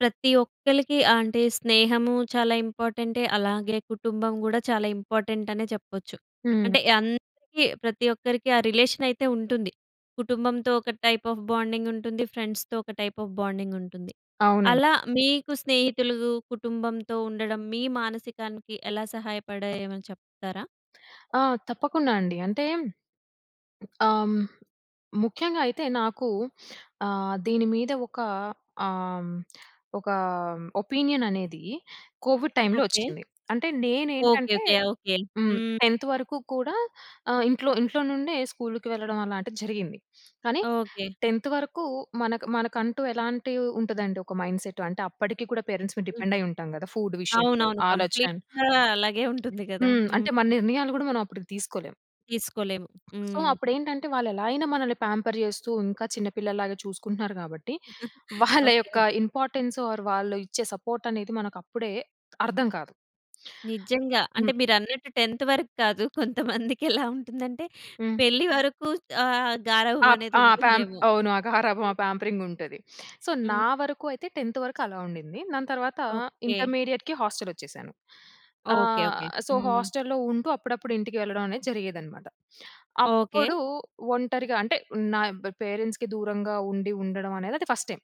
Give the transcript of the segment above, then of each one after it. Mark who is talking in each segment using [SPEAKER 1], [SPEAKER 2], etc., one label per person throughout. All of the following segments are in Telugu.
[SPEAKER 1] ప్రతి ఒక్కలికి అంటే స్నేహము చాలా ఇంపార్టెంటే, అలాగే కుటుంబం గూడా చాలా ఇంపార్టెంట్ అనే చెప్పొచ్చు.
[SPEAKER 2] హ్మ్.
[SPEAKER 1] అంటే, అందరికి ప్రతి ఒక్కరికి ఆ రిలేషన్ అయితే ఉంటుంది. కుటుంబంతో ఒక టైప్ ఆఫ్ బాండింగ్ ఉంటుంది, ఫ్రెండ్స్‌తో ఒక టైప్ ఆఫ్ బాండింగ్ ఉంటుంది.
[SPEAKER 2] అవునండి.
[SPEAKER 1] అలా మీకు స్నేహితులు, కుటుంబంతో ఉండడం మీ మానసికానికి ఎలా సహాయపడాయో ఏమైనా చెప్తారా?
[SPEAKER 2] ఆ! తప్పకుండా అండి. అంటే ఆహ్, హ్మ్, ముఖ్యంగా అయితే నాకు ఆహ్, దీని మీద ఒక ఆహ్, ఒక ఒపీనియన్ అనేది కోవిడ్ టైమ్‌లో
[SPEAKER 1] ఓకే.
[SPEAKER 2] వచ్చింది. అంటే
[SPEAKER 1] ఓకే.
[SPEAKER 2] నేనేంటంటే
[SPEAKER 1] ఓకే. ఆ! ఓకే.
[SPEAKER 2] హ్మ్,
[SPEAKER 1] హ్మ్.
[SPEAKER 2] 10త్ వరకు కూడా ఆహ్, ఇంట్లో ఇంట్లో నుండే స్కూల్‌కి వెళ్ళడం అలాంటిది జరిగింది. కానీ,
[SPEAKER 1] ఓకే.
[SPEAKER 2] 10త్ వరకు మనకు మనకంటూ ఎలాంటి ఉంటదంటె ఒక మైండ్‌సెట్, అంటే అప్పడికి కూడా పేరెంట్స్ మీద
[SPEAKER 1] హ్మ్.
[SPEAKER 2] డిపెండ్ అయ్యి ఉంటాం కదా! ఫుడ్ విషయంలో
[SPEAKER 1] అవునవును.
[SPEAKER 2] ఆలోచన అని.
[SPEAKER 1] కంప్లీట్‌గా అలాగే ఉంటుంది గదా!
[SPEAKER 2] హ్మ్.
[SPEAKER 1] హ్మ్.
[SPEAKER 2] అంటే మన నిర్ణయాలు గూడా మనం అప్పటికి తీసుకోలేం.
[SPEAKER 1] తీసుకోలేము.
[SPEAKER 2] సో,
[SPEAKER 1] హ్మ్.
[SPEAKER 2] అప్పుడేంటంటే వాళ్లెలా అయినా మనల్ని పేంపర్ జేస్తూ ఇంకా చిన్న పిల్లలాగా చూసుకుంటున్నారు కాబట్టి వాళ్ళ
[SPEAKER 1] ఓకే.
[SPEAKER 2] యొక్క ఇంపార్టన్స్ ఆర్ వారు వాళ్ళు ఇచ్చే సపోర్ట్ అనేది మనకప్పుడే అర్థం కాదు.
[SPEAKER 1] నిజంగా. అంటే
[SPEAKER 2] హ్మ్.
[SPEAKER 1] మీరన్నట్టు 10త్ వరకు కాదు. కొంతమందికి ఎలా ఉంటుందంటే
[SPEAKER 2] హ్మ్.
[SPEAKER 1] పెళ్ళి వరకు ఆహ్, గారాభం
[SPEAKER 2] అప్
[SPEAKER 1] అనేది
[SPEAKER 2] ఆ! పేంప్
[SPEAKER 1] ఉంటుందేమో!
[SPEAKER 2] అవును ఆ! గారాబం ఆ పేంపరింగ్ ఉంటది. సో, నా
[SPEAKER 1] హ్మ్.
[SPEAKER 2] వరకు అయితే 10త్ వరకు అలా ఉండింది. దాని తర్వాత
[SPEAKER 1] ఓకే.
[SPEAKER 2] ఇంటర్మీడియేట్‌కి హాస్టల్ వచ్చేసాను.
[SPEAKER 1] ఓకే.
[SPEAKER 2] ఆహ్,
[SPEAKER 1] ఓకే.
[SPEAKER 2] సో,
[SPEAKER 1] హ్మ్.
[SPEAKER 2] హాస్టల్‌లో ఉంటూ అప్పుడప్పుడు ఇంటికి వెళ్ళడం అనేది జరిగేదిదనమాట.
[SPEAKER 1] ఓకే.
[SPEAKER 2] అప్పుడు ఒంటరిగా అంటే నాయ్ పేరెంట్స్‌కి దూరంగా ఉండి ఉండడం అనేదది ఫస్ట్ టైమ్.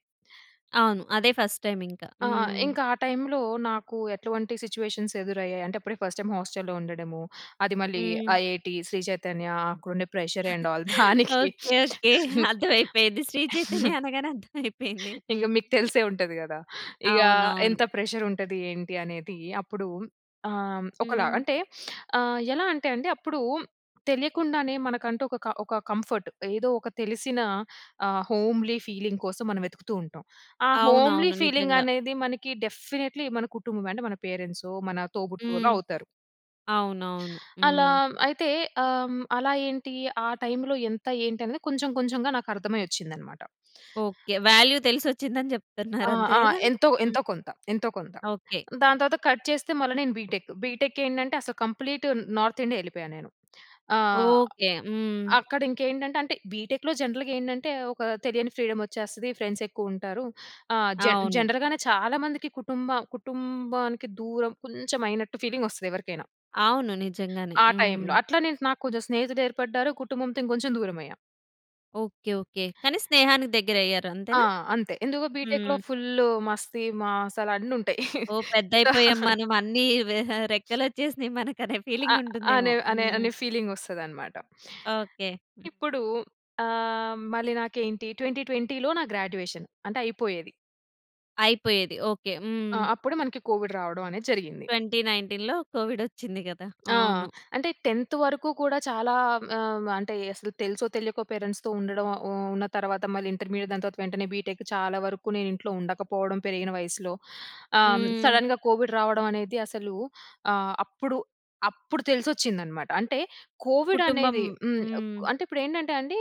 [SPEAKER 1] అవును. అదే ఫస్ట్‌ టైమ్ ఇంకా.
[SPEAKER 2] ఆ!
[SPEAKER 1] హ్మ్.
[SPEAKER 2] ఇంకా టైమ్‌లో నాకు ఎటువంటి సిట్యుయేషన్స్ ఎదురయ్యాయంటే అప్పుడే ఫస్ట్ టైమ్ హోస్టల్‌లో ఉండడము, అది మళ్ళీ
[SPEAKER 1] హ్మ్.
[SPEAKER 2] ఐఐటీ శ్రీ చైతన్య ఆహ్, అక్కడుండే ప్రెషర్ అండ్ ఆల్ దానికి
[SPEAKER 1] ఓకే. ఓకే. అర్థమైపోయింది. శ్రీ చైతన్య అనగానే అర్థమైపోయింది.
[SPEAKER 2] ఇంగ
[SPEAKER 1] హ్మ్.
[SPEAKER 2] మీకు తెలిసే ఉంటది గదా! ఇగ
[SPEAKER 1] అవునవును.
[SPEAKER 2] "ఎంత ప్రెషర్ ఉంటది, ఏంటి" అనేది. అప్పుడు ఆహ్, ఒకలా
[SPEAKER 1] హ్మ్.
[SPEAKER 2] అంటే ఆహ్, ఎలా అంటే అండి అప్పుడు తెలియకుండానే మనకంటూ ఒక క ఒక కంఫర్ట్. ఏదో ఒక తెలిసిన ఆహ్, హోమ్లీ ఫీలింగ్ కోసం మనం వెతుకుతూ ఉంటాం. ఆ హోమ్లీ
[SPEAKER 1] అవునవును.
[SPEAKER 2] ఫీలింగ్
[SPEAKER 1] నిజంగా.
[SPEAKER 2] అనేది మనకి డెఫినెట్లీ మన కుటుంబం అంటే మన పేరెంట్సో, మన తోబుట్టువులో
[SPEAKER 1] హ్మ్.
[SPEAKER 2] అవుతారు.
[SPEAKER 1] అవునవును.
[SPEAKER 2] అలా
[SPEAKER 1] హ్మ్.
[SPEAKER 2] అయితే ఆహ్, అలా ఏంటి? ఆ టైమ్‌లో ఎంత? ఏంటి? అనేది కొంచెం కొంచెంగా నాకర్థమై ఒచ్చిందన్నమాట.
[SPEAKER 1] ఓకే. వాల్యూ తెలిసొచ్చిందని జెప్తున్నారు.
[SPEAKER 2] ఆ!
[SPEAKER 1] అంతే
[SPEAKER 2] ఆ!
[SPEAKER 1] గదా!
[SPEAKER 2] ఎంతో,
[SPEAKER 1] హ్మ్.
[SPEAKER 2] ఎంతో కొంత, ఎంతో కొంత.
[SPEAKER 1] ఓకే.
[SPEAKER 2] దాని తర్వాత కట్ చేస్తే మళ్ళా నేను బీటెక్. బీటెక్ ఏందంటే అసలు కంప్లీట్ నార్త్ ఇండియా ఎళ్లిపోయా నేను. ఆహ్,
[SPEAKER 1] ఓకే. హ్మ్.
[SPEAKER 2] అక్కడ ఇంకేండంటే అంటే బీటెక్‌లో జనరల్‌గా ఏందంటే ఒక తెలియని ఫ్రీడమ్ వచ్చేస్తది. ఫ్రెండ్స్ ఎక్కువ ఉంటారు. ఆహ్, జన్
[SPEAKER 1] అవును.
[SPEAKER 2] జనరల్‌గానే చాలామందికి కుటుంబ కుటుంబానికి దూరం కొంచెం అయినట్టు ఫీలింగ్ వస్తది ఎవరికైనా.
[SPEAKER 1] అవును. నిజంగానే.
[SPEAKER 2] ఆ టైమ్‌ల.
[SPEAKER 1] హ్మ్.
[SPEAKER 2] అట్ల నే నాకు కొంచెం స్నేహితులు ఏర్పడ్డారు, కుటుంబంతో ఇంకొంచెం దూరం అయ్యా.
[SPEAKER 1] ఓకే. ఓకే. కానీ స్నేహానికి దగ్గర అయ్యారు
[SPEAKER 2] ఆ!
[SPEAKER 1] అంతేనా?
[SPEAKER 2] అంతే ఎందుకు? బిటెక్‌లో
[SPEAKER 1] హ్మ్.
[SPEAKER 2] ఫుల్ మస్తి మాసాల అన్ని ఉంటాయి.
[SPEAKER 1] ఓహ్!
[SPEAKER 2] సో
[SPEAKER 1] పెద్దయిపోయాం మనం అన్నీ రెక్కలు వచ్చేసినాయి మనకు అనే ఫీలింగ్
[SPEAKER 2] ఆహ్,
[SPEAKER 1] ఉంటుందేమో.
[SPEAKER 2] అనే అనే
[SPEAKER 1] హ్మ్.
[SPEAKER 2] అనే ఫీలింగ్ వస్తదనమాట.
[SPEAKER 1] ఓకే.
[SPEAKER 2] ఇప్పుడు ఆహ్, మళ్ళీ నాకేంటి 2020లో నా గ్రాడ్యుయేషన్. అంటే అయిపోయేది.
[SPEAKER 1] అయిపోయేది. ఓకే.
[SPEAKER 2] ఆ!
[SPEAKER 1] హ్మ్.
[SPEAKER 2] అప్పుడు మనకి కోవిడ్ రావడం అనేది జరిగింది.
[SPEAKER 1] 2019లో కోవిడొచ్చింది గదా!
[SPEAKER 2] ఆ!
[SPEAKER 1] అవును.
[SPEAKER 2] అంటే 10త్ వరకు కూడా చాలా ఆహ్, అంటే అసలు తెలుసో తెలియకో పేరెంట్స్‌తో ఉండడం ఉ ఉన్న తర్వాత మళ్ళీ ఇంటర్మీడియట్ దాని తర్వాత వెంటనే బిటెక్ చాలా వరకు నేను ఇంట్లో ఉండకపోవడం పెరిగిన వయస్సులో. ఆహ్, హ్మ్,
[SPEAKER 1] హ్మ్.
[SPEAKER 2] సడెన్‌గా కోవిడ్ రావడం అనేది అసలు ఆహ్, అప్పుడు, అప్పుడు తెలిసొచ్చిందన్నమాట. అంటే కోవిడ్
[SPEAKER 1] కుటుంబం.
[SPEAKER 2] అనేది హ్మ్
[SPEAKER 1] హ్మ్.
[SPEAKER 2] అంటే ఇప్పుడు ఏంటంటే అండి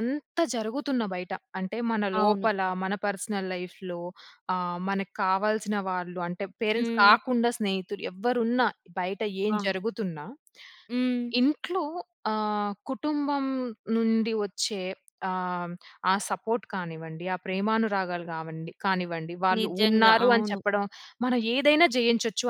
[SPEAKER 2] ఎంత జరుగుతున్న బయట, అంటే మన
[SPEAKER 1] అవును.
[SPEAKER 2] లోపల మన పర్సనల్ లైఫ్‌లో ఆహ్, మనకు కావాల్సిన వాళ్ళు అంటే పేరెంట్స్
[SPEAKER 1] హ్మ్.
[SPEAKER 2] కాకుండా స్నేహితులు. ఎవరున్నా, బయట ఏం
[SPEAKER 1] ఆ!
[SPEAKER 2] జరుగుతున్నా
[SPEAKER 1] హ్మ్.
[SPEAKER 2] ఇంట్లో ఆహ్, కుటుంబం నుండి వచ్చే ఆహ్, హ్మ్, ఆ సపోర్ట్ కానివ్వండి ఆ ప్రేమానురాగాలు కావండి కానివ్వండి వాళ్ళు
[SPEAKER 1] నిజంగా.
[SPEAKER 2] ఉన్నారు అని
[SPEAKER 1] అవును.
[SPEAKER 2] చెప్పడం, మనం ఏదైనా జయించొచ్చు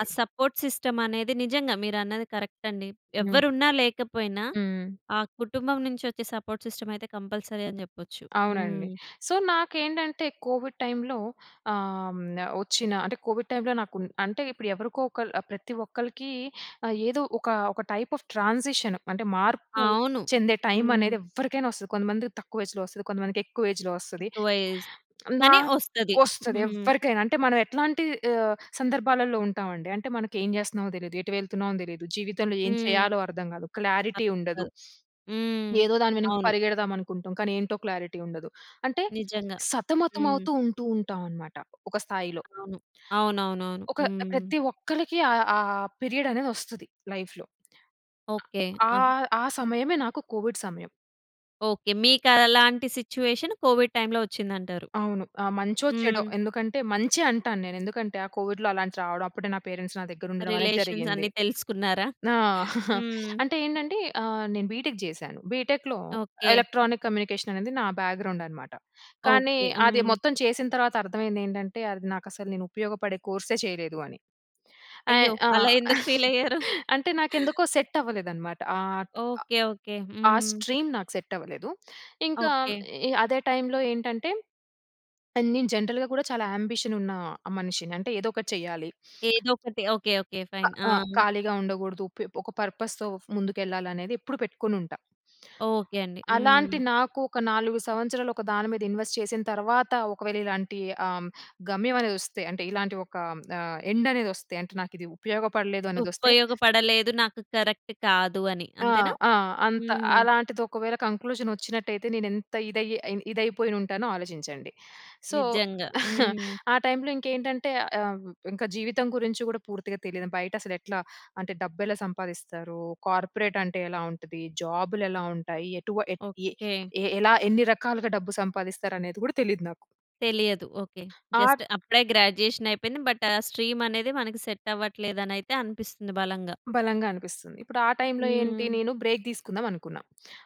[SPEAKER 1] ఆ సపోర్ట్ సిస్టమ్ అనేది నిజంగా మీరన్నది కరెక్ట్ అండి.
[SPEAKER 2] హ్మ్.
[SPEAKER 1] ఎవరు ఉన్నా లేకపోయినా
[SPEAKER 2] హ్మ్.
[SPEAKER 1] ఆ కుటుంబం నుంచి వచ్చే సపోర్ట్ సిస్టమయితే కంపల్సరీ అని జెప్పొచ్చు.
[SPEAKER 2] అవునండి.
[SPEAKER 1] హ్మ్.
[SPEAKER 2] సో నాకేంటంటే కోవిడ్ టైమ్‌లో ఆహ్, హ్మ్, వచ్చిన అంటే కోవిడ్ టైమ్‌లో నాకు అంటే ఇప్పుడు ఎవరికో ఒకల్ ఆహ్, ప్రతి ఒక్కరికి ఆహ్, ఏదో ఒక ఒక టైప్ ఆఫ్ ట్రాన్సిషన్ అంటే మార్పు
[SPEAKER 1] అవును.
[SPEAKER 2] చెందే టైమ్
[SPEAKER 1] హ్మ్.
[SPEAKER 2] అనేది ఎవ్వరికైనా వస్తది. కొంతమందికి తక్కువ ఏజ్‌‌లో వస్తది. కొంతమందికి ఎక్కువ ఏజ్‌‌లో వస్తది.
[SPEAKER 1] ఎక్కువ ఏజ్. కాని వస్తది.
[SPEAKER 2] నాకొస్తది.
[SPEAKER 1] హ్మ్.
[SPEAKER 2] ఎవ్వరికైనా, అంటే మనం ఎట్లాంటి ఆహ్, సందర్భాలలో ఉంటామండి. అంటే మనకు ఏం జేస్తున్నామో తెలీదు. ఎటు వెళ్తున్నామో తెలీదు. జీవితంలో ఏం
[SPEAKER 1] హ్మ్.
[SPEAKER 2] చేయాలో అర్థం గాదు. క్లారిటీ ఉండదు.
[SPEAKER 1] హ్మ్.
[SPEAKER 2] ఏదో దాని వెనక
[SPEAKER 1] అవును.
[SPEAKER 2] పరిగెడదాం అనుకుంటాం. కానీ ఏంటో క్లారిటీ ఉండదు. అంటే
[SPEAKER 1] నిజంగా. హ్మ్.
[SPEAKER 2] సతమతమవుతూ ఉంటూ ఉంటాం అనమాట ఒక స్థాయిలో.
[SPEAKER 1] అవును. అవునవునవును.
[SPEAKER 2] ఒక
[SPEAKER 1] హ్మ్.
[SPEAKER 2] ప్రతి ఒక్కరికి ఆహ్, ఆ పీరియడ్ అనేది వస్తది లైఫ్‌లో.
[SPEAKER 1] ఓకే. ఆహ్.
[SPEAKER 2] ఆహ్, ఆ సమయమే నాకు కోవిడ్ సమయం.
[SPEAKER 1] ఓకే. మీకు అలాంటి సిట్యుయేషన్ కోవిడ్ టైమ్‌లో వచ్చింది అంటారు.
[SPEAKER 2] అవును. ఆ! మంచో, చెడో.
[SPEAKER 1] హ్మ్.
[SPEAKER 2] ఎందుకంటే, మంచి అంటాను నేను. ఎందుకంటే, ఆ కోవిడ్‍లో అలాంటి రావడం. అప్పుడే నా పేరెంట్స్ నా దగ్గర ఉండడం అనేది
[SPEAKER 1] రిలేషన్స్
[SPEAKER 2] జరిగింది.
[SPEAKER 1] అన్నీ తెలుసుకున్నారా?
[SPEAKER 2] ఆ!
[SPEAKER 1] హ్మ్.
[SPEAKER 2] అంటే ఏంటంటే, ఆహ్, నేను బీటెక్ చేశాను. బీటెక్‍లో,
[SPEAKER 1] ఓకే.
[SPEAKER 2] ఎలక్ట్రానిక్ కమ్యూనికేషన్ అనేది నా బ్యాక్‌గ్రౌండ్ అనమాట. కానీ,
[SPEAKER 1] ఓకే.
[SPEAKER 2] అది
[SPEAKER 1] హ్మ్.
[SPEAKER 2] మొత్తం చేసిన తర్వాత అర్థమైంది ఏంటంటే, అది నాకు అసలు నేను ఉపయోగపడే కోర్సే చేయలేదు అని.
[SPEAKER 1] అయ్యో!
[SPEAKER 2] ఆహ్, ఆ!
[SPEAKER 1] అలా ఎందుకు ఫీల్ అయ్యారు?
[SPEAKER 2] అంటే నాకు ఎందుకో సెట్ అవ్వలేదు అన్నమాట. ఆహ్,
[SPEAKER 1] ఓకే, ఓకే.
[SPEAKER 2] ఆ
[SPEAKER 1] హ్మ్.
[SPEAKER 2] స్ట్రీమ్ నాకు సెట్ అవ్వలేదు. ఇంకా,
[SPEAKER 1] ఓకే.
[SPEAKER 2] అదే టైమ్‌లో ఏంటంటే, నేను జనరల్‌గా కూడా చాలా ఆంబిషన్ ఉన్న, మనిషిని. అంటే ఏదో ఒకటి చేయాలి.
[SPEAKER 1] ఏదోకటి. Okay, okay fine. ఆ!
[SPEAKER 2] ఆ! ఖాళీగా ఉండకూడదు.పె ఒక పర్పస్‌తో, ముందుకెళ్ళాలనేది ఎప్పుడు పెట్టుకొని ఉంటా.
[SPEAKER 1] ఓకే. అండి. హ్మ్.
[SPEAKER 2] అలాంటి నాకు, ఒక 4 సంవత్సరాలు ఒక దాని మీద ఇన్వెస్ట్ చేసిన తర్వాత, ఒకవేళ ఇలాంటి, ఆహ్, గమ్యం అనేది వస్తే, అంటే ఇలాంటి ఒక ఆహ్, ఎండ్ అనేది వస్తే, అంటే నాకు ఇది ఉపయోగపడలేదు అనేది వస్తే
[SPEAKER 1] ఉపయోగపడలేదు. నాకు కరెక్ట్ కాదు అని,
[SPEAKER 2] ఆ!
[SPEAKER 1] అంతేనా?
[SPEAKER 2] ఆ! అంత,
[SPEAKER 1] హ్మ్.
[SPEAKER 2] అలాంటిది ఒకవేళ కంక్లూజన్ వచ్చినట్టయితే, నేను ఎంత ఇదయ్యి, ఇదైపోయి ఉంటానో ఆలోచించండి. సో,
[SPEAKER 1] నిజంగా. హ్మ్.
[SPEAKER 2] ఆ టైమ్‌లో ఇంకేంటంటే, ఆహ్, ఇంకా జీవితం గురించి కూడా పూర్తిగా తెలియదు. బయట అసలు ఎట్లా, అంటే డబ్బు ఎలా సంపాదిస్తారు. కార్పొరేట్ అంటే ఎలా ఉంటది? జాబ్‌లు ఎలా ఉంటాయి? ఎటు ఏ
[SPEAKER 1] ఓకే.
[SPEAKER 2] ఏ ఎలా, ఎన్ని రకాలుగా డబ్బు సంపాదిస్తారు అనేది కూడా తెలీదు నాకు.
[SPEAKER 1] తెలియదు. ఓకే. జస్ట్
[SPEAKER 2] ఆట్
[SPEAKER 1] అప్పుడే గ్రాడ్యుయేషన్ అయిపోయింది. బట్ ఆ స్ట్రీమ్ అనేది మనకు సెట్ అవ్వట్లేదు అనయితె అనిపిస్తుంది బలంగా.
[SPEAKER 2] బలంగా అనిపిస్తుంది. ఇప్పుడు ఆ టైమ్‌లో ఏంటి,
[SPEAKER 1] హ్మ్.
[SPEAKER 2] నేను బ్రేక్ తీసుకుందాం అనుకున్న.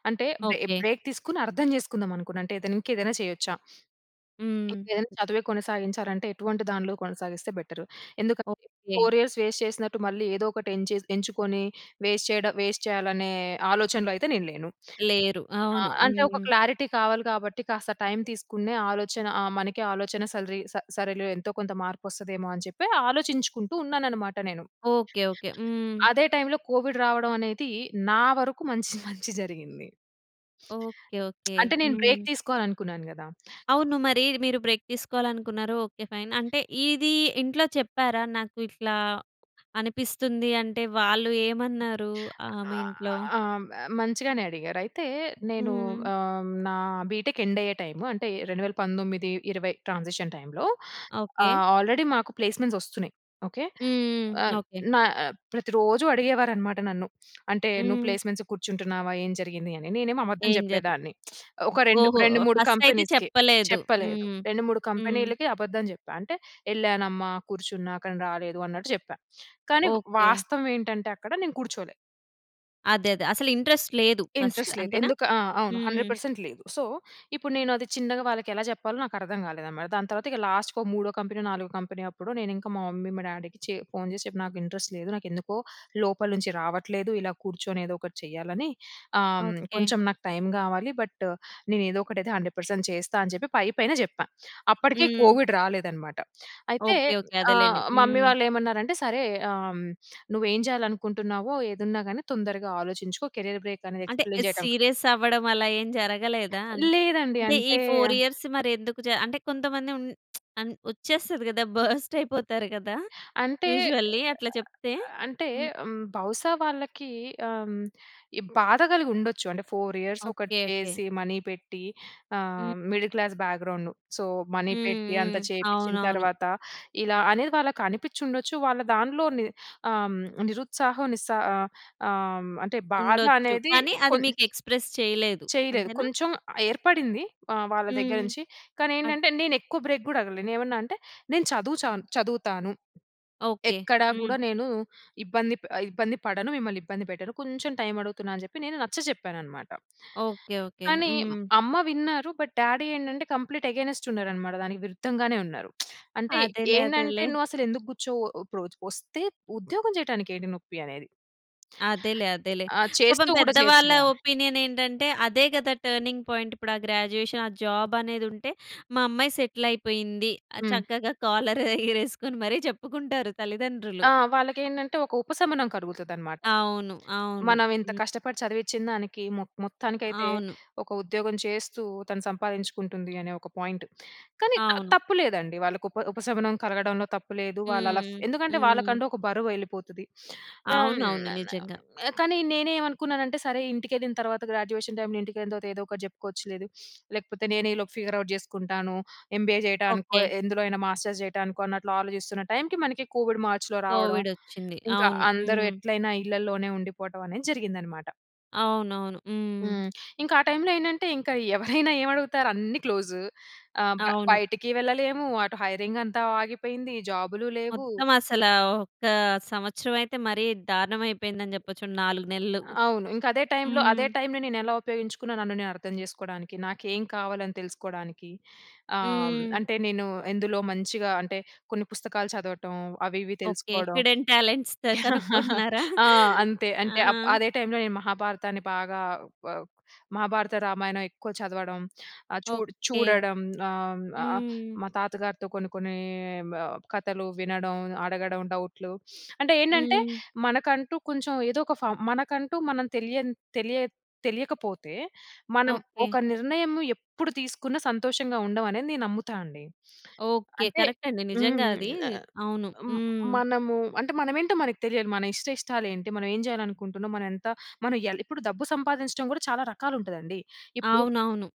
[SPEAKER 2] అంటే, బ్రే
[SPEAKER 1] ఓకే.
[SPEAKER 2] బ్రేక్ తీసుకొని, అర్థం చేసుకుందాం అనుకున్నా. అంటే ఏదైనా, ఇంకా ఏదైనా చేయొచ్చా
[SPEAKER 1] హ్మ్.
[SPEAKER 2] ఇంకేదైనా చదువే కొనసాగించారంటే, ఎటువంటి దాంట్లో కొనసాగిస్తే బెటరు. ఎందుకంటే,
[SPEAKER 1] ఓకే.
[SPEAKER 2] 4 ఇయర్స్ వేస్ట్ చేసినట్టు, మళ్ళీ ఏదో ఒకటి ఏంచెస్ ఎంచుకొని, వేస్ట్ చేయడ వేస్ట్ చేయాలనే, ఆలోచనలో అయితే నేను లేను.
[SPEAKER 1] లేరు.
[SPEAKER 2] ఆ!
[SPEAKER 1] అవును.
[SPEAKER 2] అంటే ఒక
[SPEAKER 1] హ్మ్.
[SPEAKER 2] క్లారిటీ కావాలి కాబట్టి, కాస్త టైమ్ తీసుకునే ఆలోచన, ఆ! మనకి ఆలోచన సరిలి స సరేలే ఎంతో కొంత మార్పు వస్తదేమో అని చెప్పి, ఆలోచించుకుంటూ ఉన్నాను అన్నమాట నేను.
[SPEAKER 1] Okay, okay. హ్మ్.
[SPEAKER 2] అదే టైమ్‌లో కోవిడ్ రావడం అనేది, నా వరకు మంచి, మంచి జరిగింది.
[SPEAKER 1] ఓకే. ఓకే.
[SPEAKER 2] అంటే, నేను
[SPEAKER 1] హ్మ్.
[SPEAKER 2] బ్రేక్ తీసుకోవాలి అనుకున్నాను కదా!
[SPEAKER 1] అవును. మరి, మీరు బ్రేక్ తీసుకోవాలనుకున్నారు. Okay, fine. అంటే ఇది, ఇంట్లో చెప్పారా నాకు ఇట్లా, అనిపిస్తుంది అంటే వాళ్ళు ఏమన్నారు? ఆ! మీ
[SPEAKER 2] ఆహ్,
[SPEAKER 1] ఇంట్లో.
[SPEAKER 2] ఆహ్, మ మంచిగానే అడిగారు. అయితే, నేను
[SPEAKER 1] హ్మ్.
[SPEAKER 2] ఆహ్, నా బీటెక్ ఎండ్ అయ్యే టైమ్. అంటే 2019, 20 ట్రాన్సిషన్ టైమ్‌లో,
[SPEAKER 1] ఓకే.
[SPEAKER 2] ఆల్రెడీ మాకు ప్లేస్మెంట్స్ వస్తున్నాయి. ఓకే.
[SPEAKER 1] హ్మ్.
[SPEAKER 2] ఆహ్,
[SPEAKER 1] ఓకే.
[SPEAKER 2] నా ప్రతి రోజు అడిగేవారు అన్నమాట నన్ను. అంటే, "నువ్వు
[SPEAKER 1] హ్మ్.
[SPEAKER 2] ప్లేస్మెంట్స్ కూర్చుంటున్నావా, ఏం జరిగింది" అని? నేనేమో అబద్ధం
[SPEAKER 1] ఏం జరుగు
[SPEAKER 2] చెప్పేదాన్ని. ఒక రెండు
[SPEAKER 1] ఓహో!
[SPEAKER 2] రెండు మూడు
[SPEAKER 1] ఫస్ట్ అయితే
[SPEAKER 2] కంపెనీస్‌కి
[SPEAKER 1] చెప్పలేదు.
[SPEAKER 2] చెప్పలేదు.
[SPEAKER 1] హ్మ్.
[SPEAKER 2] 2, 3
[SPEAKER 1] హ్మ్.
[SPEAKER 2] కంపెనీలకి అబద్ధం చెప్పా అంటే, "వెళ్ళానమ్మ, కూర్చున్నా. కానీ రాలేదు" అన్నట్టు చెప్పా కానీ,
[SPEAKER 1] ఓకే.
[SPEAKER 2] వాస్తవం ఏంటంటే, అక్కడ నేను కూర్చోలే.
[SPEAKER 1] అదే అదే అసలు ఇంట్రస్ట్ లేదు ఫస్ట్
[SPEAKER 2] ఇంట్రెస్ట్ లేదు.
[SPEAKER 1] అంతేనా?
[SPEAKER 2] ఎందుకు ఆ! అవును.
[SPEAKER 1] హ్మ్.
[SPEAKER 2] 100% లేదు. సో, ఇప్పుడు నేను అది చిన్నగా వాళ్ళకి ఎలా చెప్పాలో నాకు అర్థం కాలేదనమాట. దాని తర్వాత ఇగ లాస్ట్‌కొ మూడో కంపెనీ, నాలుగో కంపెనీ అప్పుడు నేను ఇంకా మా మమ్మీ మా డ్యాడీకి చే ఫోన్ చేసి చెప్పి. నాకు ఇంట్రెస్ట్ లేదు, నాకు ఎందుకో లోపల నుంచి రావట్లేదు. ఇలా కూర్చొని ఏదో ఒకటి చేయాలని. ఆహ్,
[SPEAKER 1] ఓకె.
[SPEAKER 2] కొంచెం నాకు టైమ్ కావాలి. బట్ నేను ఏదో ఒకటి అయితే 100% చేస్తా అని చెప్పి పై పైన జెప్పా. అప్పటికే
[SPEAKER 1] హ్మ్.
[SPEAKER 2] కోవిడ్ రాలేదనమాట. అయితే
[SPEAKER 1] ఓకె ఓకె. అదేలేండి.
[SPEAKER 2] ఆహ్, మమ్మీ
[SPEAKER 1] హ్మ్.
[SPEAKER 2] వాళ్ళు ఏమన్నారంటే, సరే ఆహ్, నువ్వు ఏం చేయాలనుకుంటున్నావో ఏదున్నా గాని తొందరగా ఆలోచించుకో కెరీర్ బ్రేక్ అనేది
[SPEAKER 1] అంటే
[SPEAKER 2] ఎక్స్‌ప్లెయిన్ చేయడం
[SPEAKER 1] సీరియస్ అవ్వడం అలా ఏమి జరగలేదా? అం
[SPEAKER 2] లేదండి.
[SPEAKER 1] అంటే ఈ
[SPEAKER 2] అంటే...
[SPEAKER 1] 4 ఇయర్స్ మరి ఎందుకు చ అంటే కొంతమంది ఉన్ అం వచ్చేస్తది కదా. బర్స్ట్ అయిపోతారు కదా,
[SPEAKER 2] అంటే
[SPEAKER 1] యూజువల్లీ అట్లా
[SPEAKER 2] అ
[SPEAKER 1] చెప్తే.
[SPEAKER 2] అంటే
[SPEAKER 1] హ్మ్.
[SPEAKER 2] బహుసా వాళ్ళకీ ఆహ్, ఈ బాధ కలిగి ఉండొచ్చు. అంటే 4 ఇయర్స్
[SPEAKER 1] ఓకె.
[SPEAKER 2] ఒకటి
[SPEAKER 1] ఓకె.
[SPEAKER 2] చేసి మనీ పెట్టి,
[SPEAKER 1] హ్మ్.
[SPEAKER 2] ఆహ్, middle class background, so, money
[SPEAKER 1] హ్మ్,
[SPEAKER 2] పెట్టి అంత
[SPEAKER 1] హ్మ్.
[SPEAKER 2] చేపించిన
[SPEAKER 1] అవునవును.
[SPEAKER 2] తర్వాత ఇలా అనేది వాళ్ళకి అనిపించి ఉండొచ్చు. వాళ్ళ దాంట్లోని ఆహ్, నిరుత్సాహం నిస్సా ఆహ్, ఆహ్, అంటే బాధ
[SPEAKER 1] ఉండొచ్చు.
[SPEAKER 2] అనేది
[SPEAKER 1] కానీ అది
[SPEAKER 2] కొం
[SPEAKER 1] మీకు ఎక్స్ప్రెస్ చేయలేదు
[SPEAKER 2] చేయలేదు.
[SPEAKER 1] అంతేనా?
[SPEAKER 2] కొంచెం ఏర్పడింది. ఆహ్, వాళ్ళ దగ్గర
[SPEAKER 1] హ్మ్.
[SPEAKER 2] నుంచి. కానీ
[SPEAKER 1] అట్
[SPEAKER 2] ఏంటంటే, నేను ఎక్కువ బ్రేక్ గూడా అడగలేదు. నేను ఏమన్నా అంటే, నేను చదువు చాన్ చదువుతాను.
[SPEAKER 1] ఓకె.
[SPEAKER 2] ఎక్కడ
[SPEAKER 1] హ్మ్.
[SPEAKER 2] గూడా నేను ఇబ్బంది ప ఇబ్బంది పడను, మిమ్మల్ని ఇబ్బంది పెట్టను. కొంచెం టైమ్ అడుగుతున్నాను అని జెప్పి నేను నచ్చచెప్పాననమాట.
[SPEAKER 1] ఓకె. ఓకె.
[SPEAKER 2] కానీ
[SPEAKER 1] హ్మ్.
[SPEAKER 2] అమ్మ విన్నారు, బట్ డ్యాడీ ఏంటంటే, కంప్లీట్ అగైన్స్ట్ ఉన్నారు అనమాట, దానికి విరుద్ధంగానే ఉన్నారు. అంటే
[SPEAKER 1] అదేలే
[SPEAKER 2] ఏంటంటే,
[SPEAKER 1] అదేలే.
[SPEAKER 2] "నువ్వు అసలు ఎందుకు కూర్చోవు. ఇప్పుడు వస్తే ఉద్యోగం చేయటానికి ఏంటి నొప్పి?" అనేది.
[SPEAKER 1] అదేలే అదేలే.
[SPEAKER 2] ఆ!
[SPEAKER 1] పాపం
[SPEAKER 2] చేస్తూ గూడా
[SPEAKER 1] పెద్ద వాళ్ళ
[SPEAKER 2] చేయొచ్చుగా.
[SPEAKER 1] ఒపీనియన్ ఏంటంటే, అదే కదా టర్నింగ్ పాయింట్ ఇప్పుడు ఆ గ్రాడ్యుయేషన్ ఆ జాబ్ అనేది ఉంటే, మా అమ్మాయి సెటిల్ అయిపోయింది.
[SPEAKER 2] హ్మ్.
[SPEAKER 1] చక్కగా కాలర్ ఎగరేసుకొని మరి చెప్పుకుంటారు తల్లిదండ్రులు.
[SPEAKER 2] ఆ! వాళ్ళకేంటంటే, ఒక ఉపశమనం కలుగుతదనమాట.
[SPEAKER 1] అవును. అవును.
[SPEAKER 2] మనం ఇంత
[SPEAKER 1] హ్మ్.
[SPEAKER 2] కష్టపడి చదివించిన దానికి మొ మొత్తానికైతే
[SPEAKER 1] అవును.
[SPEAKER 2] ఒక ఉద్యోగం చేస్తూ తను సంపాదించుకుంటుంది అనే ఒక పాయింట్. కానీ, త
[SPEAKER 1] అవును.
[SPEAKER 2] తప్పు లేదండి వాళ్ళకి ఉప ఉపశమనం కలగడంలో తప్పు లేదు. వాళ్ళలా
[SPEAKER 1] హ్మ్.
[SPEAKER 2] ఎందుకంటే,
[SPEAKER 1] హ్మ్.
[SPEAKER 2] వాళ్ళకంటూ ఒక బరువు ఎళ్ళిపోతది. హ్మ్,
[SPEAKER 1] అవునవును.
[SPEAKER 2] మన
[SPEAKER 1] నిజంగా.
[SPEAKER 2] కానీ నేనేమనుకున్నాను అంటే, సరే ఇంటికెళ్ళిన తర్వాత గ్రాడ్యుయేషన్ టైమ్‌లో ఇంటికెళ్ళిన తర్వాత ఏదో ఒకటి చెప్పుకోవచ్చు లేదు, లేకపోతే నేనే ఈలోపు ఫిగర్ ఔట్ చేసుకుంటాను. ఎంబీఏ చేయటానికో
[SPEAKER 1] ఓకె.
[SPEAKER 2] ఎందులో అయినా మాస్టర్స్ చేయటానికో అన్నట్లు ఆలోచిస్తున్న టైమ్‌కి, మనకి కోవిడ్ మార్చ్‌లో రావడం.
[SPEAKER 1] కోవిడొచ్చింది.
[SPEAKER 2] ఇంకా
[SPEAKER 1] అవును
[SPEAKER 2] అందరు
[SPEAKER 1] హ్మ్.
[SPEAKER 2] ఎట్లైనా ఇళ్ళలోనే ఉండిపోవటం అనేది జరిగిందనమాట.
[SPEAKER 1] అవును, అవును. హ్మ్.
[SPEAKER 2] హ్మ్, ఇంకా ఆ టైమ్‌లో ఏంటంటే ఇంకా ఎవరైనా ఏం అడుగుతారు, అన్ని క్లోజ్ ఆహ్, బ
[SPEAKER 1] అవును.
[SPEAKER 2] బయటికి వెళ్ళలేము. అటు హైరింగ్ అంతా ఆగిపోయింది. జాబ్‌లు లేవు.
[SPEAKER 1] మొత్తం అసల, ఒక్క సంవత్సరం అయితే మరి దారుణం అయిపోయిందని చెప్పొచ్చు, 4 నెలలు.
[SPEAKER 2] అ అవును. ఇంకా అదే టైమ్‌లో
[SPEAKER 1] హ్మ్.
[SPEAKER 2] అదే టైమ్‌లో నేను ఎలా ఉపయోగించుకున్న నన్ను నేను అర్థం చేసుకోడానికి నాకేం కావాలి అని తెలుసుకోవడానికి. ఆహ్,
[SPEAKER 1] హ్మ్.
[SPEAKER 2] అంటే నేను ఎందులో మంచిగా అంటే కొన్ని పుస్తకాలు చదవటం అవి ఇవి
[SPEAKER 1] ఓకె.
[SPEAKER 2] తెలుసుకోవడం.
[SPEAKER 1] హిడెన్ టాలెంట్స్‌తో కనుక్కుంటున్నారా?
[SPEAKER 2] ఆ! అంతే.
[SPEAKER 1] ఆ!
[SPEAKER 2] అంటే అప్ అదే టైమ్‌లో నేను మహాభారతాన్ని బాగా ఆహ్, మహాభారత, రామాయణం ఎక్కువ చదవడం ఆహ్, చూ
[SPEAKER 1] ఓకె.
[SPEAKER 2] చూడడం ఆహ్,
[SPEAKER 1] హ్మ్.
[SPEAKER 2] మా తాతగారితో కొన్ని, కొన్ని కథలు వినడం అడగడం డౌట్‌లు. అంటే ఏంటంటే
[SPEAKER 1] హ్మ్.
[SPEAKER 2] మనకంటూ కొంచెం ఏదో ఒక ఫౌం మనకంటూ మనం తెలియని తెలియ తెలియకపోతే మనం
[SPEAKER 1] ఓకె.
[SPEAKER 2] ఒక నిర్ణయము ఎప్పుడు తీసుకున్నా సంతోషంగా ఉండం అనేది నేను నమ్ముతా అండి.
[SPEAKER 1] ఓకె
[SPEAKER 2] అంటే
[SPEAKER 1] కరెక్ట్ అండి
[SPEAKER 2] హ్మ్
[SPEAKER 1] నిజంగా
[SPEAKER 2] హ్మ్,
[SPEAKER 1] అది
[SPEAKER 2] న
[SPEAKER 1] అవును హ్మ్.
[SPEAKER 2] మనము అంటే మనమేంటో మనకు తెలియాలి. మన ఇష్ట ఇష్టాలు ఏంటి, మనం ఏం చేయాలనుకుంటున్నాం, మనం ఎంత మనం ఇయ్యలి. ఇప్పుడు డబ్బు సంపాదించడం కూడా చాలా రకాలు ఉంటాదండి. ఇప్పుడు
[SPEAKER 1] అవునవును.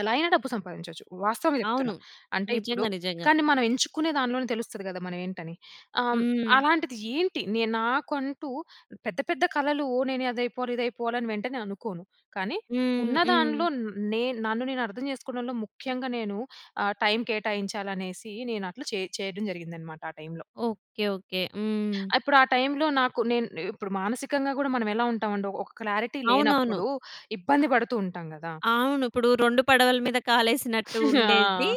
[SPEAKER 2] ఎలా అయినా, డబ్బు సంపాదించొచ్చు వాస్తవంగ
[SPEAKER 1] అవును.
[SPEAKER 2] చెప్తున్నా. అంటే ఇప్పుడు
[SPEAKER 1] నిజంగా, నిజంగా.
[SPEAKER 2] కానీ మనం ఎంచుకునే దాంట్లోనే తెలుస్తది కదా మనం ఏంటని. ఆహ్,
[SPEAKER 1] హ్మ్.
[SPEAKER 2] అలాంటిది ఏంటి నేను నాకంటూ పెద్ద, పెద్ద కళలు నేను అది అయిపోవాలి ఇది అయిపోవాలి అని వెంటనే అనుకోను. కానీ
[SPEAKER 1] హ్మ్. హ్మ్.
[SPEAKER 2] ఉన్నదాంట్లో నేను నన్ను నేను అర్థం చేసుకోవడంలో ముఖ్యంగా నేను ఆహ్, టైమ్ కేటాయించాలి అనేసి నేను అట్ల చే చేయడం జరిగిందన్నమాట ఆ టైమ్‌లో.
[SPEAKER 1] Okay, okay. హ్మ్.
[SPEAKER 2] ఇప్పుడు ఆ టైమ్‌లో నాకు, నేను ఇప్పుడు మానసికంగా కూడా మనం ఎలా ఉంటాం అండి ఒక క్లారిటీ
[SPEAKER 1] అవునవును.
[SPEAKER 2] లేనప్పుడు ఇబ్బంది పడుతూ ఉంటాం కదా!
[SPEAKER 1] అవును ఇప్పుడు 2 పడవల మీద కాలేసినట్టు ఉండేది.
[SPEAKER 2] ఆ!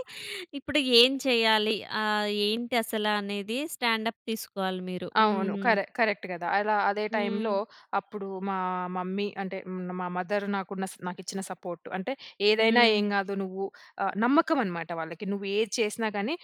[SPEAKER 1] ఇప్పుడు ఏం చేయాలి? ఆహ్, ఏంటి అసల అనేది స్టాండప్ తీసుకోవాలి మీరు
[SPEAKER 2] అవును
[SPEAKER 1] హ్మ్.
[SPEAKER 2] కరే కరెక్ట్ కదా. అలా అదే
[SPEAKER 1] హ్మ్.
[SPEAKER 2] టైమ్‌లో అప్పుడు మా మమ్మీ అంటే మా మదర్ నాకు, నాకు ఇచ్చిన సపోర్ట్. అంటే ఏదైనా
[SPEAKER 1] హ్మ్.
[SPEAKER 2] ఏమి కాదు నువ్వు, నమ్మకం అన్నమాట వాళ్ళకి. నువ్వు ఏది చేసినా గాని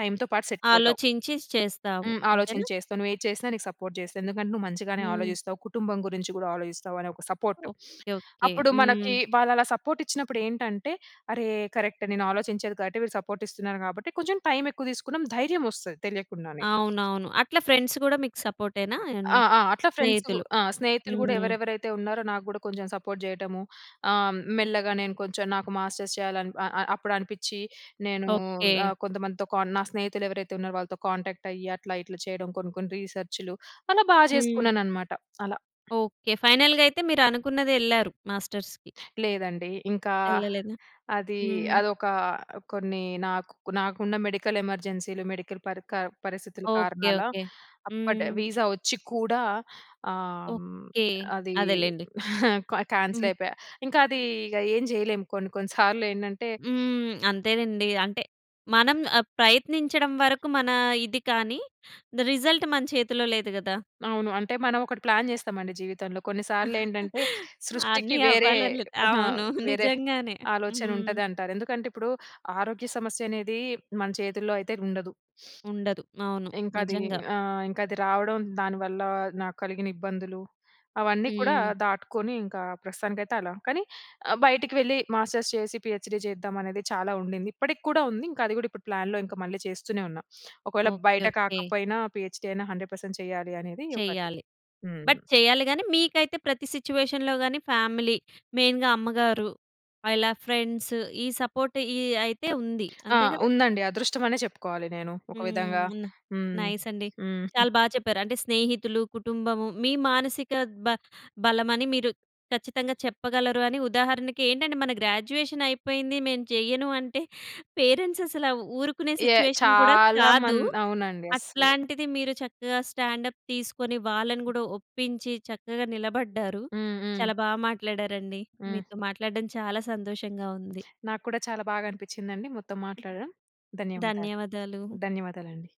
[SPEAKER 2] టైమ్‌తో పాటు సెట్ అవుతావు.
[SPEAKER 1] ఆలోచించి చేస్తాము.
[SPEAKER 2] హ్మ్,
[SPEAKER 1] అంతేనా?
[SPEAKER 2] ఆలోచించి చేస్తావు నువ్వు ఏది చేసినా నీకు సపోర్ట్ చేస్తా, ఎందుకంటే నువ్వు మంచిగానే
[SPEAKER 1] హ్మ్.
[SPEAKER 2] ఆలోచిస్తావు కుటుంబం గురించి కూడా ఆలోచిస్తావు అనే ఒక సపోర్ట్.
[SPEAKER 1] Okay, okay.
[SPEAKER 2] అప్పుడు మనకి
[SPEAKER 1] హ్మ్.
[SPEAKER 2] వాళ్ళు అలా సపోర్ట్ ఇచ్చినప్పుడు ఏంటంటే, అరె! కరెక్ట్ నేను ఆలోచించేది కాబట్టి సపోర్ట్ ఇస్తున్నారు. కాబట్టి కొంచెం టైమ్ ఎక్కువ తీసుకున్నాం, ధైర్యం వస్తది తెలియకుండానే.
[SPEAKER 1] అవునవును. అట్లా ఫ్రెండ్స్ కూడా మీకు సపోర్టేనా?
[SPEAKER 2] ఆ! ఆ! అట్లా ఫ్రెండ్సు,
[SPEAKER 1] స్నేహితులు,
[SPEAKER 2] ఆ! స్నేహితులు కూడా
[SPEAKER 1] హ్మ్.
[SPEAKER 2] ఎవరెవరైతే ఉన్నారో నాకు కూడా కొంచెం సపోర్ట్ చేయడము. ఆహ్, మెల్లగా నేను కొంచెం నాకు మాస్టర్స్ చేయాలి అ అప్పుడు అనిపించి నేను
[SPEAKER 1] ఓకె.
[SPEAKER 2] ఆహ్, కొంతమందితో కాన్ నా స్నేహితులు ఎవరైతే ఉన్నారో వాళ్ళతో కాంటాక్ట్ అయ్యి అట్లా ఇట్లా చేయడం కొన్ని, కొన్ని రిసర్చ్‌లు అలా బాగా
[SPEAKER 1] హ్మ్.
[SPEAKER 2] చేసుకున్నాను అన్నమాట అలా.
[SPEAKER 1] ఓకె. ఫైనల్‌గా అయితే మీరు అనుకున్నదెళ్లారు, మాస్టర్స్‌కి.
[SPEAKER 2] లేదండి ఇంకా,
[SPEAKER 1] ఎళ్ళలేదా?
[SPEAKER 2] అది
[SPEAKER 1] హ్మ్.
[SPEAKER 2] అదొక కొన్ని నాకు నాకున్న మెడికల్ ఎమర్జెన్సీలు మెడికల్ పరి క పరిస్థితుల
[SPEAKER 1] ఓకె,
[SPEAKER 2] కారణాల
[SPEAKER 1] ఓకె.
[SPEAKER 2] అప్పటి
[SPEAKER 1] హ్మ్.
[SPEAKER 2] వీజా వచ్చి కూడా ఆహ్, హ్మ్
[SPEAKER 1] ఓకె.
[SPEAKER 2] అది
[SPEAKER 1] అదేలెండి.
[SPEAKER 2] క్యాన్సిల్
[SPEAKER 1] హ్మ్.
[SPEAKER 2] అయిపోయా. ఇంకా అది ఏం చేయలేము కొన్ని, కొన్ని సార్లు ఏంటంటే
[SPEAKER 1] హ్మ్ అంతేనండి. అంటే మనం ప్రయత్నించడం వరకు మన ఇది కానీ. రిజల్ట్ మన చేతిలో లేదు కదా!
[SPEAKER 2] అవును. అంటే మనం ఒకటి ప్లాన్ చేస్తాం అండి జీవితంలో కొన్ని సార్లు ఏంటంటే సృష్టికి
[SPEAKER 1] అన్ని
[SPEAKER 2] వేరే
[SPEAKER 1] అవ్వాలి అని లే
[SPEAKER 2] ఆ!
[SPEAKER 1] అవును.
[SPEAKER 2] వేరే
[SPEAKER 1] నిజంగానే
[SPEAKER 2] ఆలోచన
[SPEAKER 1] హ్మ్.
[SPEAKER 2] ఉంటది అంటారు. ఎందుకంటే ఇప్పుడు ఆరోగ్య సమస్య అనేది మన చేతుల్లో అయితే ఉండదు.
[SPEAKER 1] ఉండదు. అవును.
[SPEAKER 2] ఇంకా అది,
[SPEAKER 1] నిజంగా.
[SPEAKER 2] ఆహ్, ఇంకా అది రావడం దానివల్ల నాకు కలిగిన ఇబ్బందులు అవన్నీ కూడా
[SPEAKER 1] హ్మ్.
[SPEAKER 2] దాటుకొని ఇంకా ప్రస్తుతానికైతే అలా. కానీ బయటికి వెళ్ళి మాస్టర్స్ చేసి పీఎచ్డీ చేద్దాం అనేది చాలా ఉండింది. ఇప్పటికి కూడా ఉంది. ఇంకా అది కూడా ఇప్పుడు ప్లాన్‌లో మళ్ళీ చేస్తూనే ఉన్నా. ఒకవేళ
[SPEAKER 1] ఓకె,
[SPEAKER 2] బయట
[SPEAKER 1] ఓకె.
[SPEAKER 2] కాకపోయినా పీఎచ్డీ అయినా 100% చేయాలి అనేది ఒకటి
[SPEAKER 1] చెయ్యాలి. బట్
[SPEAKER 2] హ్మ్.
[SPEAKER 1] చేయాలి గాని మీకైతే ప్రతి సిట్యుయేషన్‌లో గాని ఫ్యామిలీ, మెయిన్‌గా అమ్మగారు, ఇలా ఫ్రెండ్స్ ఈ సపోర్ట్ ఈ అయితే ఉంది.
[SPEAKER 2] ఆ!
[SPEAKER 1] అంతే కదా?
[SPEAKER 2] ఉందండి. అదృష్టం అనే చెప్పుకోవాలి. నేను ఒక విధంగా
[SPEAKER 1] హ్మ్,
[SPEAKER 2] హ్మ్,
[SPEAKER 1] నైస్ అండి.
[SPEAKER 2] హ్మ్.
[SPEAKER 1] చాలా బాగా చెప్పారు. అంటే స్నేహితులు, కుటుంబము మీ మానసిక బ బలమని మీరు, ఖచ్చితంగా చెప్పగలరు అని ఉదాహరణకి ఏంటంటే మన గ్రాడ్యుయేషన్ అయిపోయింది, మేము చేయను అంటే పేరెంట్స్ అసల ఊరుకునే
[SPEAKER 2] యాహ్!
[SPEAKER 1] సిట్యుయేషన్ కూడా
[SPEAKER 2] చాలామం
[SPEAKER 1] కాదు.
[SPEAKER 2] అవునండి అసలు.
[SPEAKER 1] అట్లాంటిది, మీరు చక్కగా స్టాండ్ అప్ తీసుకొని వాళ్ళను కూడా ఒప్పించి చక్కగా నిలబడ్డారు.
[SPEAKER 2] హ్మ్, హ్మ్.
[SPEAKER 1] చాలా బాగా మాట్లాడారండి
[SPEAKER 2] హ్మ్.
[SPEAKER 1] మీతో మాట్లాడడం చాలా సంతోషంగా ఉంది.
[SPEAKER 2] నాకు కూడా చాలా బాగా అనిపించిందండి. మొత్తం మాట్లాడడం, ధన్యవాదాలు.
[SPEAKER 1] ధన్యవాదాలు.
[SPEAKER 2] ధన్యవాదాలండి.